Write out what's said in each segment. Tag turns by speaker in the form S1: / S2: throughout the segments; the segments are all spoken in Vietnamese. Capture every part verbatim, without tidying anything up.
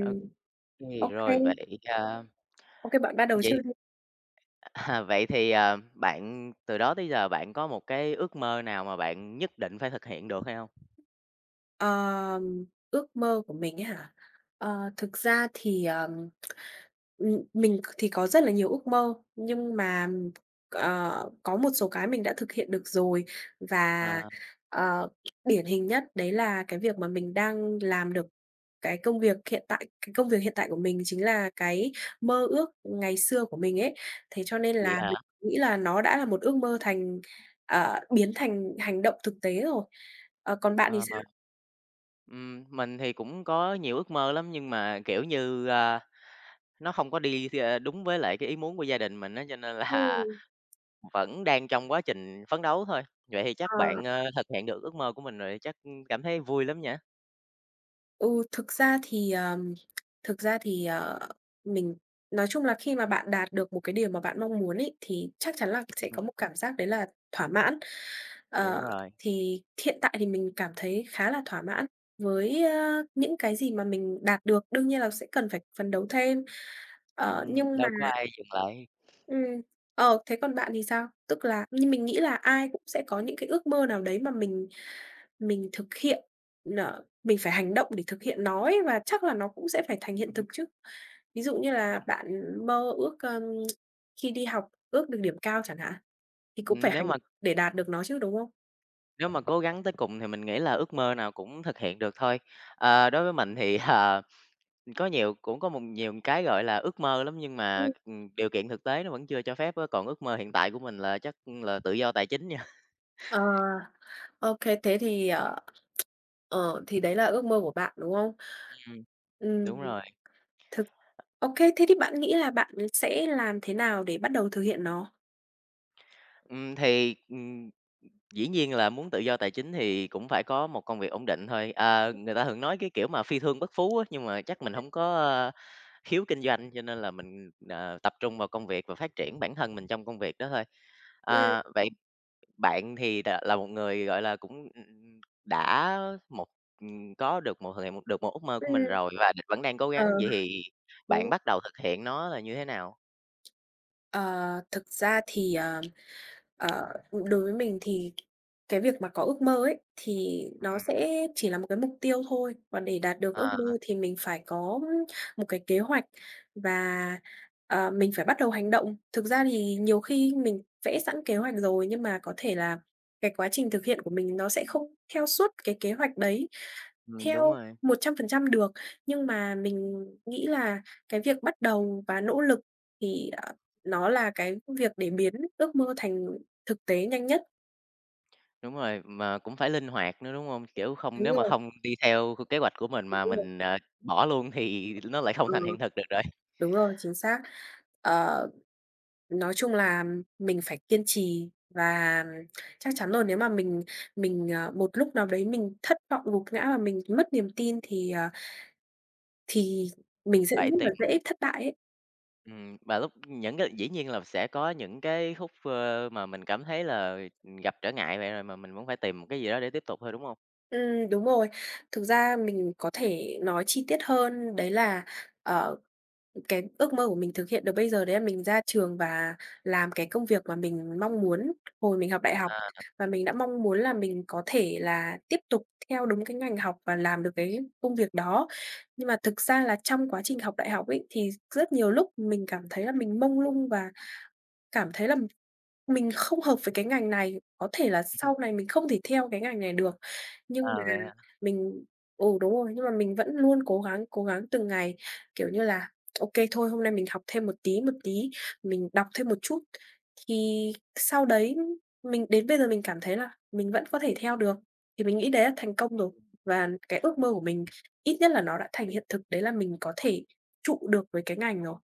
S1: Ô kê,
S2: Ô kê.
S1: rồi vậy, a
S2: Ô kê, bạn bắt đầu trước
S1: vậy,
S2: đi.
S1: à, vậy thì, ờ, bạn từ đó tới giờ bạn có một cái ước mơ nào mà bạn nhất định phải thực hiện được hay hông?
S2: Ờ, ước mơ của mình ấy hả? Ờ, thực ra thì, ờ, ừm, mình thì có rất là nhiều ước mơ, nhưng mà, ờ, có một số cái mình đã thực hiện được rồi và,
S1: Ờ.
S2: ờ, điển hình nhất đấy là cái việc mà mình đang làm được cái công việc hiện tại cái công việc hiện tại của mình chính là cái mơ ước ngày xưa của mình ấy. Thế cho nên
S1: Vậy
S2: là mình
S1: hả?
S2: nghĩ là nó đã là một ước mơ thành ờ, biến thành hành động thực tế rồi. Ờ, còn bạn thì
S1: Ờ.
S2: sao?
S1: Ừm, mình thì cũng có nhiều ước mơ lắm nhưng mà, kiểu như, ơ, nó hông có đi thi, a, đúng với lại cái ý muốn của gia đình mình á cho nên là
S2: Ừm.
S1: vẫn đang trong quá trình phấn đấu thôi, vậy thì chắc
S2: À!
S1: bạn, ơ, thực hiện được ước mơ của mình rồi thì chắc cảm thấy vui lắm nhỉ?
S2: Ừ, thực ra thì, ờ thực ra thì, ờ, mình nói chung là khi mà bạn đạt được một cái điều mà bạn mong muốn ấy thì chắc chắn là sẽ
S1: Ừm.
S2: có một cảm giác đấy là thỏa mãn.
S1: Đúng
S2: Ờ,
S1: rồi.
S2: thì hiện tại thì mình cảm thấy khá là thỏa mãn với, ơ, những cái gì mà mình đạt được, đương nhiên là sẽ cần phải phấn đấu thêm. Ờ,
S1: Ừm,
S2: nhưng mà
S1: đâu có ai dừng lại.
S2: Ừm, ờ, thế còn bạn thì sao? Tức là, như mình nghĩ là ai cũng sẽ có những cái ước mơ nào đấy mà mình mình thực hiện n mình phải hành động để thực hiện nó ấy và chắc là nó cũng sẽ phải thành hiện
S1: Ừm
S2: thực
S1: hứm.
S2: chứ. Ví dụ như là
S1: Đúng rồi.
S2: bạn mơ ước, ơ, khi đi học ước được điểm cao chẳng hạn, thì cũng phải
S1: Ừm, nếu
S2: hành
S1: mà
S2: để đạt được nó chứ, đúng không?
S1: Nếu mà cố gắng tới cùng thì mình nghĩ là ước mơ nào cũng thực hiện được thôi. Ờ, đối với mình thì là có nhiều cũng có một nhiều cái, gọi là, ước mơ lắm, nhưng mà,
S2: Ừm.
S1: ừm, điều kiện thực tế nó vẫn chưa cho phép á, còn ước mơ hiện tại của mình là chắc là tự do tài chính nha.
S2: Ờ. OK, thế thì, ờ, ờ, thì đấy là ước mơ của bạn, đúng hông?
S1: Ừm. Đúng
S2: Ừm.
S1: rồi.
S2: Thực OK, thế thì bạn nghĩ là bạn sẽ làm thế nào để bắt đầu thực hiện nó?
S1: Ừm, thì, ừm, dĩ nhiên là muốn tự do tài chính thì cũng phải có một công việc ổn định thôi. Ờ, người ta thường nói cái, kiểu, mà "phi thương bất phú" á, nhưng mà chắc mình
S2: [unintelligible]
S1: hổng có, ơ, khiếu kinh doanh, cho nên là mình, ờ, tập trung vào công việc và phát triển bản thân mình trong công việc đó thôi.
S2: Ừm.
S1: Ờ, vậy, bạn thì đã là một người, gọi là, cũng, ưm, đã, một, ừm, có được một thực hiện được một ước mơ của
S2: Ừm.
S1: mình rồi và vẫn đang cố
S2: Ờ.
S1: gắng, vậy thì bạn
S2: Ồ.
S1: bắt đầu thực hiện nó là như thế nào?
S2: Ờ, thực ra thì, ờ, ờ, đối với mình thì cái việc mà có ước mơ ấy, thì nó
S1: Ừm.
S2: sẽ chỉ là một cái mục tiêu thôi, còn để đạt được
S1: À
S2: ước mơ
S1: há.
S2: thì mình phải có, ơ, một cái kế hoạch và, ờ, mình phải bắt đầu hành động. Thực ra thì nhiều khi mình vẽ sẵn kế hoạch rồi, nhưng mà có thể là cái quá trình thực hiện của mình nó sẽ không theo suốt cái kế hoạch đấy
S1: Ừm, đúng
S2: theo
S1: rồi.
S2: một trăm phần trăm được. Nhưng mà mình nghĩ là cái việc bắt đầu và nỗ lực thì, ờ, nó là cái việc để biến ước mơ thành thực tế nhanh nhất.
S1: Đúng rồi, mà cũng phải linh hoạt nữa, đúng hông? Kiểu không
S2: Đúng
S1: nếu mà
S2: rồi.
S1: hông đi theo kế hoạch của mình
S2: Thì
S1: mà
S2: đúng rồi.
S1: mình, à, bỏ luôn thì nó lại không thành
S2: Ừ.
S1: hiện thực được rồi.
S2: Đúng rồi, chính xác. Ờ, nói chung là mình phải kiên trì và chắc chắn là nếu mà mình mình, ờ, một lúc nào đấy mình thất vọng gục ngã mà mình mất niềm tin thì, ờ, thì mình sẽ
S1: Phải
S2: rất là
S1: tìm
S2: dễ thất bại ấy.
S1: Ừm, và lúc những cái dĩ nhiên là sẽ có những cái khúc, ơ, mà mình cảm thấy là, ừm, gặp trở ngại vậy rồi, mà mình vẫn phải tìm một cái gì đó để tiếp tục thôi, đúng hông?
S2: Ừm, đúng rồi. Thực ra mình có thể nói chi tiết hơn đấy là, ờ, ừ, cái ước mơ của mình thực hiện được bây giờ đấy là mình ra trường và làm cái công việc mà mình mong muốn hồi mình học đại học,
S1: À.
S2: và mình đã mong muốn là mình có thể là tiếp tục theo đúng cái ngành học và làm được cái công việc đó. Nhưng mà thực ra là trong quá trình học đại học ấy, thì rất nhiều lúc mình cảm thấy là mình mông lung và cảm thấy là mình không hợp với cái ngành này, có thể là sau này mình không thể theo cái ngành này được. Nhưng mà
S1: À, vậy hả?
S2: mình ừ, đúng rồi, nhưng mà mình vẫn luôn cố gắng, cố gắng từng ngày, kiểu như là, OK, thôi hôm nay mình học thêm một tí, một tí, mình đọc thêm một chút. Thì sau đấy mình đến bây giờ mình cảm thấy là, mình vẫn có thể theo được, thì mình nghĩ đấy là thành công rồi. Và cái ước mơ của mình, ít nhất là nó đã thành hiện thực đấy là mình có thể trụ được với cái ngành rồi.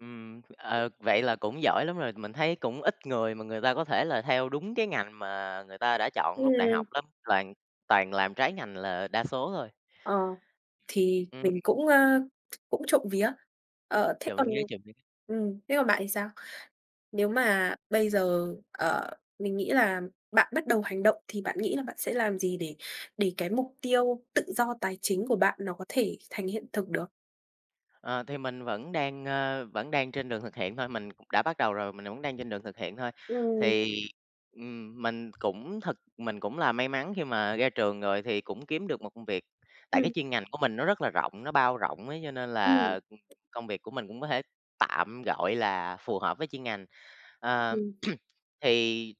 S1: Ừm, ờ,
S2: [unintelligible]
S1: vậy là cũng giỏi lắm rồi, mình thấy cũng ít người mà người ta có thể là theo đúng cái ngành mà người ta đã chọn lúc đại
S2: Ừm.
S1: học lắm, toàn toàn làm trái ngành là đa số thôi.
S2: Ờ, thì
S1: Ừm.
S2: mình cũng, ờ, cũng trộm vía. Ờ, thế
S1: Trộm
S2: còn
S1: vía, trộm vía.
S2: ừm, thế còn bạn thì sao? Nếu mà bây giờ, ờ, mình nghĩ là bạn bắt đầu hành động thì bạn nghĩ là bạn sẽ làm gì để để cái mục tiêu tự do tài chính của bạn nó có thể thành hiện thực được?
S1: Ờ, thì mình vẫn đang, ờ, vẫn đang trên đường thực hiện thôi, mình cũng đã bắt đầu rồi, mình vẫn đang trên đường thực hiện thôi.
S2: Ừm.
S1: Thì, ừm, mình cũng thực mình cũng là may mắn khi mà ra trường rồi thì cũng kiếm được một công việc, tại cái
S2: Ừm.
S1: chuyên ngành của mình nó rất là rộng, nó bao rộng ấy, cho nên
S2: Ừm.
S1: là, ưm, công việc của mình cũng có thể tạm, gọi là, phù hợp với chuyên ngành. Ờm.
S2: Ừm.
S1: Thì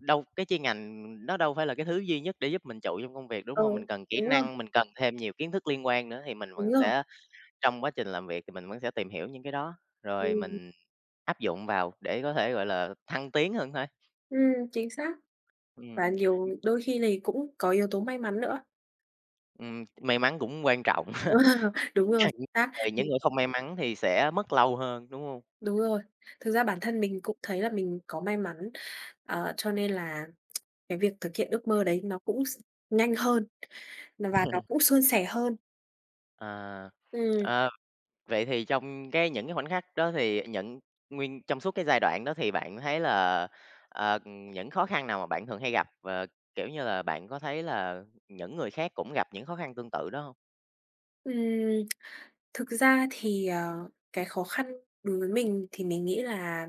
S1: đâu cái chuyên ngành nó đâu phải là cái thứ duy nhất để giúp mình trụ trong công việc, đúng
S2: Ừ,
S1: hông? Mình cần kỹ
S2: đúng rồi.
S1: năng, mình cần thêm nhiều kiến thức liên quan nữa thì mình vẫn
S2: Đúng rồi.
S1: sẽ trong quá trình làm việc thì mình vẫn sẽ tìm hiểu những cái đó, rồi
S2: Ừm.
S1: mình áp dụng vào để có thể, gọi là, thăng tiến hơn thôi.
S2: Ừm, chính xác.
S1: Ừm.
S2: Và nhiều đôi khi thì cũng có yếu tố may mắn nữa.
S1: Ừm, may mắn cũng quan trọng.
S2: Wow! Đúng
S1: A,
S2: rồi,
S1: những
S2: chính xác.
S1: người những
S2: Ừm.
S1: người không may mắn thì sẽ mất lâu hơn, đúng hông?
S2: Đúng rồi, thực ra bản thân mình cũng thấy là mình có may mắn. Ờ, cho nên là cái việc thực hiện ước mơ đấy nó cũng s nhanh hơn và nó cũng suôn sẻ hơn.
S1: À,
S2: Ừm.
S1: ờm. Vậy thì trong cái những cái khoảnh khắc đó thì những nguyên trong suốt cái giai đoạn đó thì bạn có thấy là, ờ, ờ, những khó khăn nào mà bạn thường hay gặp, và, kiểu như là, bạn có thấy là những người khác cũng gặp những khó khăn tương tự đó hông?
S2: Ừm, thực ra thì, ờ, cái khó khăn đối với mình thì mình nghĩ là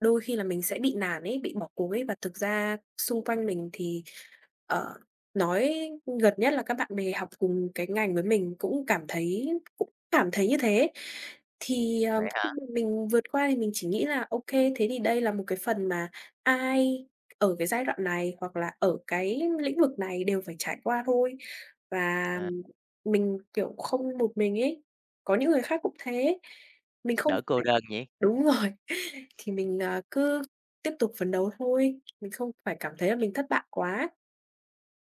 S2: đôi khi là mình sẽ bị nản ấy, bị bỏ cuộc ấy. Và thực ra xung quanh
S1: Ừm.
S2: mình thì, ờ, nói gần nhất là các bạn bè học cùng cái ngành với mình cũng cảm thấy cũng cảm thấy như thế. Thì, ờ,
S1: Vậy hả?
S2: khi mà mình vượt qua thì mình chỉ nghĩ là ô kê. Thế thì đây là một cái phần mà ai ở cái giai đoạn này, hoặc là ở cái lĩnh vực này đều phải trải qua thôi. Và
S1: À.
S2: mình, kiểu, không một mình ấy, có những người khác cũng thế, mình không
S1: Đỡ cô
S2: phải
S1: đơn nhỉ?
S2: đúng rồi thì mình, ờ, cứ tiếp tục phấn đấu thôi, mình không phải cảm thấy là mình thất bại quá.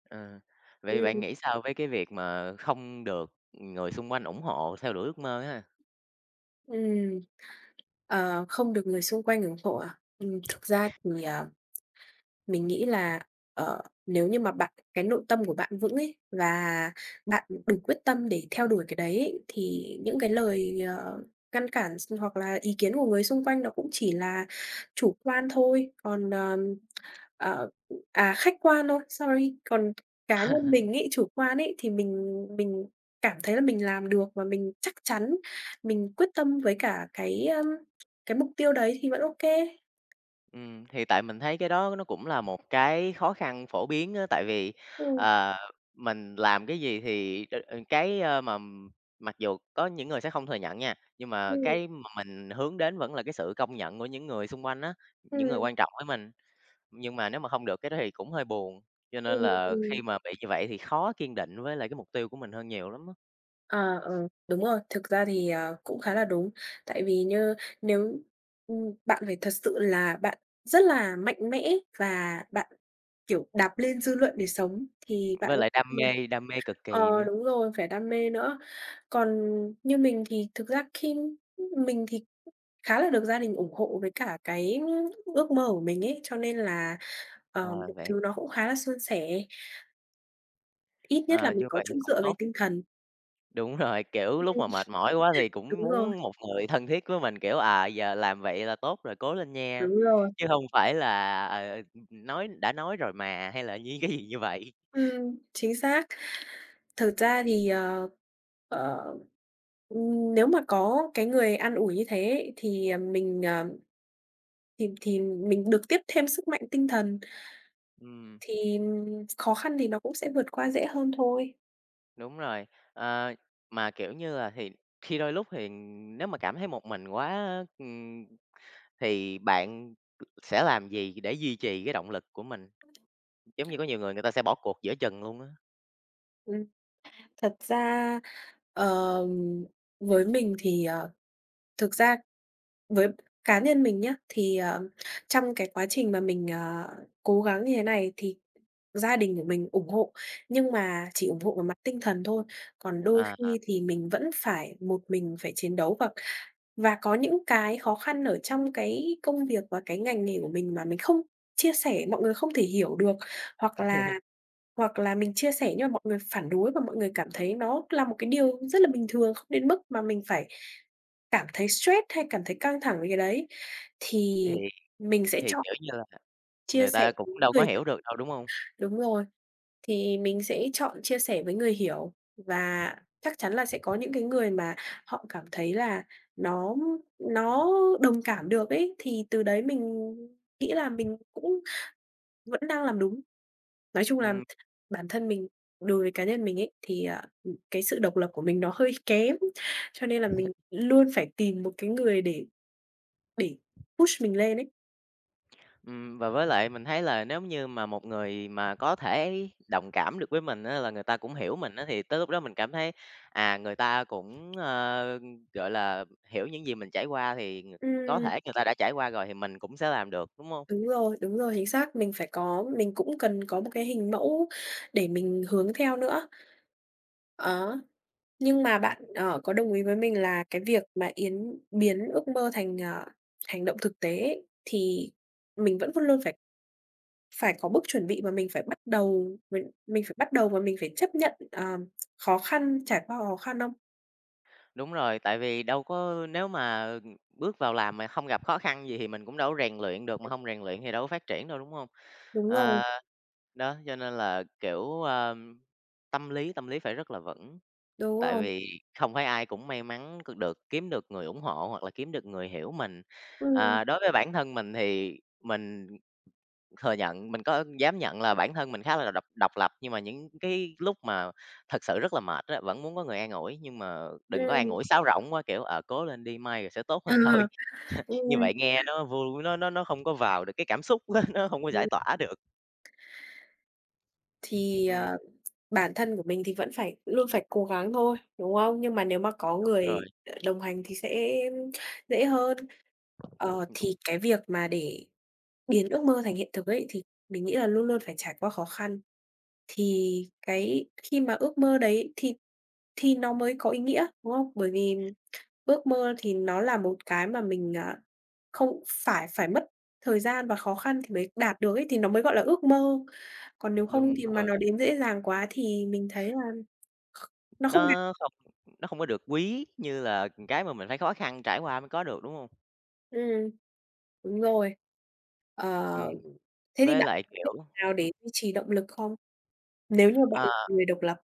S1: Ờ. Vậy thì bạn
S2: Ừm.
S1: nghĩ sao với cái việc mà không được người xung quanh ủng hộ theo đuổi ước mơ ha?
S2: Ừm. Ờ, không được người xung quanh ủng hộ à? Ừm thực ra thì, à, mình nghĩ là, ờ, nếu như mà bạn cái nội tâm của bạn vững ấy và bạn đủ quyết tâm để theo đuổi cái đấy ấy thì những cái lời, ờ, ngăn cản s hoặc là ý kiến của người xung quanh nó cũng chỉ là chủ quan thôi, còn, ờm, ờ à, khách quan thôi, sorry. Còn cá nhân mình ấy, chủ quan ấy thì mình mình cảm thấy là mình làm được và mình chắc chắn mình quyết tâm với cả cái, ưm, cái mục tiêu đấy thì vẫn ô kê.
S1: Ừm, thì tại mình thấy cái đó nó cũng là một cái khó khăn phổ biến á, tại vì,
S2: Ừm.
S1: ờ, mình làm cái gì thì đ cái, a, mà mặc dù có những người sẽ không thừa nhận nha, nhưng mà
S2: Ừm.
S1: cái mà mình hướng đến vẫn là cái sự công nhận của những người xung quanh á, những người
S2: Ừm.
S1: quan trọng với mình, nhưng mà nếu mà không được cái đó thì cũng hơi buồn. Cho nên
S2: Ừm,
S1: là khi
S2: ừm.
S1: mà bị như vậy thì khó kiên định với lại cái mục tiêu của mình hơn nhiều lắm á.
S2: À, ờ, đúng rồi. Thực ra thì, ờ, cũng khá là đúng. Tại vì nha nếu, ừm, bạn phải thật sự là bạn rất là mạnh mẽ và bạn, kiểu, đạp lên dư luận để sống thì bạn
S1: Với
S2: có
S1: lại
S2: thể
S1: đam
S2: [unintelligible]
S1: mê, đam mê cực kỳ
S2: ờ,
S1: nữa.
S2: đúng rồi, phải đam mê nữa. Còn như mình thì thực ra khi, mình thì khá là được gia đình ủng hộ với cả cái ước mơ của mình ấy, cho nên là, ờ,
S1: Ờ,
S2: mọi
S1: vậy
S2: thứ nó cũng khá là suôn sẻ. Ít nhất là
S1: À,
S2: mình
S1: như
S2: có
S1: vậy
S2: chỗ
S1: cũng
S2: dựa về
S1: tốt.
S2: tinh thần.
S1: Đúng rồi,
S2: Ừm.
S1: kiểu, lúc mà mệt mỏi quá thì cũng
S2: Đúng rồi.
S1: muốn một người thân thiết với mình, kiểu, à, giờ làm vậy là tốt rồi, cố lên nha,
S2: Đúng rồi.
S1: chứ hông phải là, ờ, ừm, ừm, nói đã nói rồi mà, hay là dí gì như vậy.
S2: Ừm, chính xác. Thực ra thì, ờ, ờ, ừm, nếu mà có cái người an ủi như thế ấy, thì, ờ, mình, ờ thì thì mình được tiếp thêm sức mạnh tinh thần.
S1: Ừm.
S2: Thì, ừm, khó khăn thì nó cũng sẽ vượt qua dễ hơn thôi.
S1: Đúng rồi, ờ, mà, kiểu như là, thì khi đôi lúc thì nếu mà cảm thấy một mình quá á, ừm, thì bạn sẽ làm gì để duy trì cái động lực của mình? Giống như có nhiều người người ta sẽ bỏ cuộc giữa chừng luôn á.
S2: Ừm, thật ra, ờ, với mình thì, ờ thực ra với cá nhân mình nhá, thì, ờ, trong cái quá trình mà mình, à, cố gắng như thế này thì gia đình của mình ủng hộ, nhưng mà chỉ ủng hộ về mặt tinh thần thôi, còn đôi
S1: À, à.
S2: khi thì mình vẫn phải một mình phải chiến đấu và và có những cái khó khăn ở trong cái công việc và cái ngành nghề của mình mà mình không chia sẻ, mọi người không thể hiểu được. Hoặc là hoặc là mình chia sẻ nhưng mà mọi người phản đối và mọi người cảm thấy nó là một cái điều rất là bình thường, không đến mức mà mình phải cảm thấy stress hay cảm thấy căng thẳng với cái đấy, thì
S1: Thì
S2: mình sẽ
S1: thì,
S2: chọn
S1: kiểu như là,
S2: chia
S1: người
S2: sẻ
S1: ta cũng
S2: đúng
S1: đâu có
S2: người
S1: hiểu được đâu, đúng hông?
S2: đúng rồi, thì mình sẽ chọn chia sẽ với người hiểu và chắc chắn là sẽ có những cái người mà họ cảm thấy là nó nó đồng cảm được ấy thì từ đấy mình nghĩ là mình cũng vẫn đang làm đúng. Nói chung là
S1: Ừm.
S2: bản thân mình đối với cá nhân mình ấy thì, à, ừm, cái sự độc lập của mình nó hơi kém, cho nên là mình luôn phải tìm một cái người để để push mình lên ấy.
S1: Ừm, và với lại mình thấy là nếu như mà một người mà có thể đồng cảm được với mình á là người ta cũng hiểu mình á, thì tới lúc đó mình cảm thấy, à, người ta cũng, ờ, gọi là, hiểu những gì mình trải qua thì ng có
S2: Ừm.
S1: thể người ta đã trải qua rồi thì mình cũng sẽ làm được, đúng hông?
S2: Đúng rồi, đúng rồi, chính xác, mình phải có, mình cũng cần có một cái hình mẫu để mình hướng theo nữa. Đó, nhưng mà
S1: Ừm.
S2: bạn, ờ, có đồng ý với mình là cái việc mà yến biến ước mơ thành, ờ, hành động thực tế ấy thì mình vẫn luôn luôn phải phải có bước chuẩn bị và mình phải bắt đầu mình mình phải bắt đầu, mà mình phải chấp nhận, ờm, khó khăn, trải qua khó khăn không?
S1: Đúng rồi, tại vì đâu có nếu mà, ừm, bước vào làm mà không gặp khó khăn gì thì mình cũng đâu rèn luyện được, mà hông rèn luyện thì đâu phát triển đâu, đúng hông?
S2: Đúng rồi.
S1: Ờ, đó, cho nên là, kiểu, ờm, tâm lý tâm lý phải rất là vững,
S2: Đúng
S1: tại
S2: rồi.
S1: vì không phải ai cũng may mắn c được kiếm được người ủng hộ hoặc là kiếm được người hiểu mình.
S2: Ừm.
S1: Ờ, đối với bản thân mình thì mình thừa nhận, mình có dám nhận là bản thân mình khá là độc độc lập, nhưng mà những cái lúc mà thật sự rất là mệt á, vẫn muốn có người an ủi, nhưng mà đừng có an
S2: Ừm.
S1: ủi sáo rỗng quá, kiểu, ờ, "cố lên đi, mai rồi sẽ tốt
S2: Ờ,
S1: hơn thôi", như
S2: ừm.
S1: vậy nghe nó vui, nó nó nó không có vào được cái cảm xúc á, nó không có giải
S2: [unintelligible]
S1: tỏa được.
S2: Thì,
S1: Ừm.
S2: ờ, bản thân của mình thì vẫn phải luôn phải cố gắng thôi, đúng không? Nhưng mà nếu mà có
S1: Đúng
S2: người
S1: rồi.
S2: đ đồng hành thì sẽ dễ hơn. Ờ,
S1: Đúng.
S2: thì cái việc mà để biến ước mơ thành hiện thực ấy thì mình nghĩ là luôn luôn phải trải qua khó khăn thì cái khi mà ước mơ đấy thì thì nó mới có ý nghĩa, đúng không? Bởi vì ước mơ thì nó là một cái mà mình, à, không phải phải mất thời gian và khó khăn thì mới đạt được ấy, thì nó mới gọi là ước mơ. Còn nếu không
S1: Đúng
S2: thì mà
S1: rồi.
S2: nó đến dễ dàng quá thì mình thấy là kh nó không đạt.
S1: Nó không nó không có được quý như là, ừm, cái mà mình phải khó khăn trải qua mới có được, đúng không?
S2: Ừm, đúng rồi.
S1: Ừm,
S2: Ờ, thế thì
S1: với
S2: bạn
S1: lại
S2: có cách
S1: kiểu
S2: nào
S1: ừm.
S2: để duy trì động lực không? Nếu như bạn là
S1: À.
S2: một người độc lập.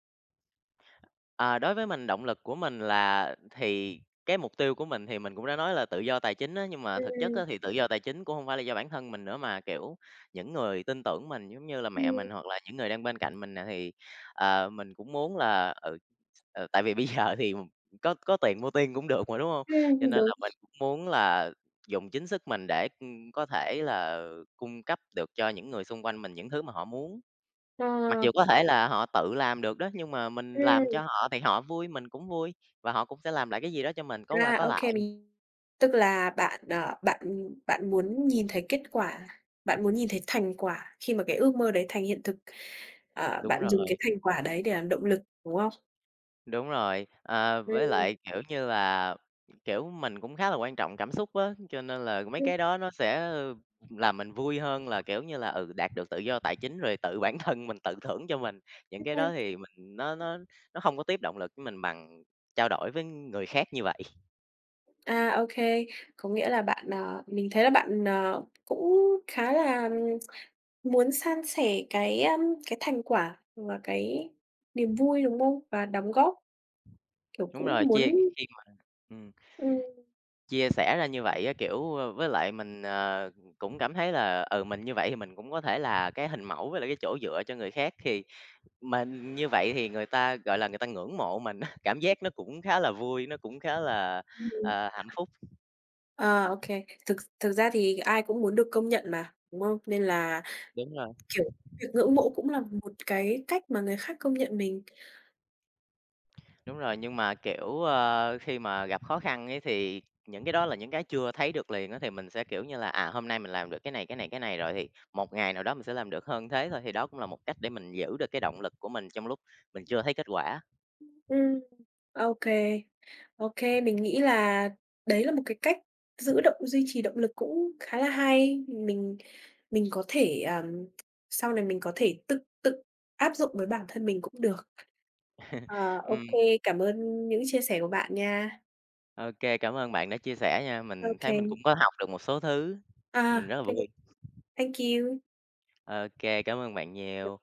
S1: À, đối với mình, động lực của mình là thì cái mục tiêu của mình thì mình cũng đã nói là tự do tài chính á. Nhưng mà thực chất
S2: Ừm.
S1: á thì tự do tài chính cũng hông phải là do bản thân mình nữa, mà, kiểu, những người tin tưởng mình giống như là mẹ
S2: Ừm.
S1: mình hoặc là những người đang bên cạnh mình nè thì, ờ, mình cũng muốn là ừ, ừ, tại vì bây giờ thì có có tiền mua tiên cũng được mà, đúng hông? Cho
S2: Ừm,
S1: nên
S2: đúng.
S1: là mình cũng muốn là dùng chính sức mình để có thể là cung cấp được cho những người xung quanh mình những thứ mà họ muốn. Mặc
S2: Ờ.
S1: dù có thể là họ tự làm được đó nhưng mà mình làm cho
S2: Ừm.
S1: họ thì họ vui, mình cũng vui, và họ cũng sẽ làm lại cái gì đó cho mình, có qua
S2: À,
S1: có
S2: OK,
S1: lại.
S2: mình tức là bạn, ờ, bạn bạn muốn nhìn thấy kết quả, bạn muốn nhìn thấy thành quả khi mà cái ước mơ đấy thành hiện thực. Ờ,
S1: Đúng
S2: bạn dùng cái
S1: rồi.
S2: thành quả đấy để làm động lực, đúng không?
S1: Đúng rồi, ờ, với
S2: Ừm.
S1: lại, kiểu như là, kiểu, mình cũng khá là quan trọng cảm xúc á, cho nên là mấy
S2: Ừm.
S1: cái đó nó sẽ làm mình vui hơn là, kiểu như là, ừ, đạt được tự do tài chính rồi tự bản thân mình tự thưởng cho mình. Những cái đó thì mình nó
S2: [unintelligible]
S1: nó nó hông có tiếp động lực với mình bằng trao đổi với người khác như vậy.
S2: A, ô kê. Có nghĩa là bạn, ờ mình thấy là bạn, ờ, cũng khá là muốn san sẻ cái, ưm, cái thành quả và cái niềm vui, đúng không? Và đóng góp, kiểu,
S1: Đúng
S2: cũng
S1: rồi, chia
S2: muốn
S1: khi mà ừm.
S2: Ừm.
S1: Chia sẻ ra như vậy á, kiểu, ơ với lại mình ờ, cũng cảm thấy là, ừ, mình như vậy thì mình cũng có thể là cái hình mẫu với lại cái chỗ dựa cho người khác. Thì, mình như vậy thì người ta, gọi là, người ta ngưỡng mộ mình á, cảm giác nó cũng khá là vui, nó cũng khá là,
S2: Ừm.
S1: ờ, hạnh phúc.
S2: Ờ, ô kê. Thực thực ra thì ai cũng muốn được công nhận mà, đúng không? Nên là,
S1: Đúng rồi.
S2: kiểu, việc ngưỡng mộ cũng là một cái cách mà người khác công nhận mình.
S1: Đúng rồi, nhưng mà, kiểu, ơ, khi mà gặp khó khăn ấy thì, những cái đó là những cái chưa thấy được liền á thì mình sẽ, kiểu như là, à, hôm nay mình làm được cái này, cái này, cái này, rồi thì một ngày nào đó mình sẽ làm được hơn thế thôi. Thì đó cũng là một cách để mình giữ được cái động lực của mình trong lúc mình chưa thấy kết quả.
S2: Ưm, ừm. Ô kê. Ô kê, mình nghĩ là đấy là một cái cách giữ động duy trì động lực cũng khá là hay. Mình mình có thể, ờm sau này mình có thể tự tự áp dụng với bản thân mình cũng được. Ờ, ô
S1: Ừm.
S2: kê, cảm ơn những chia sẻ của bạn nha.
S1: Ô kê, cảm ơn bạn đã chia sẻ nha.
S2: Ô
S1: Mình thấy
S2: kê.
S1: mình cũng có học được một số thứ. Mình
S2: À,
S1: rất là
S2: cái
S1: vui.
S2: cái thank you.
S1: Ô kê. Cảm ơn bạn
S2: [unintelligible]
S1: nhiều.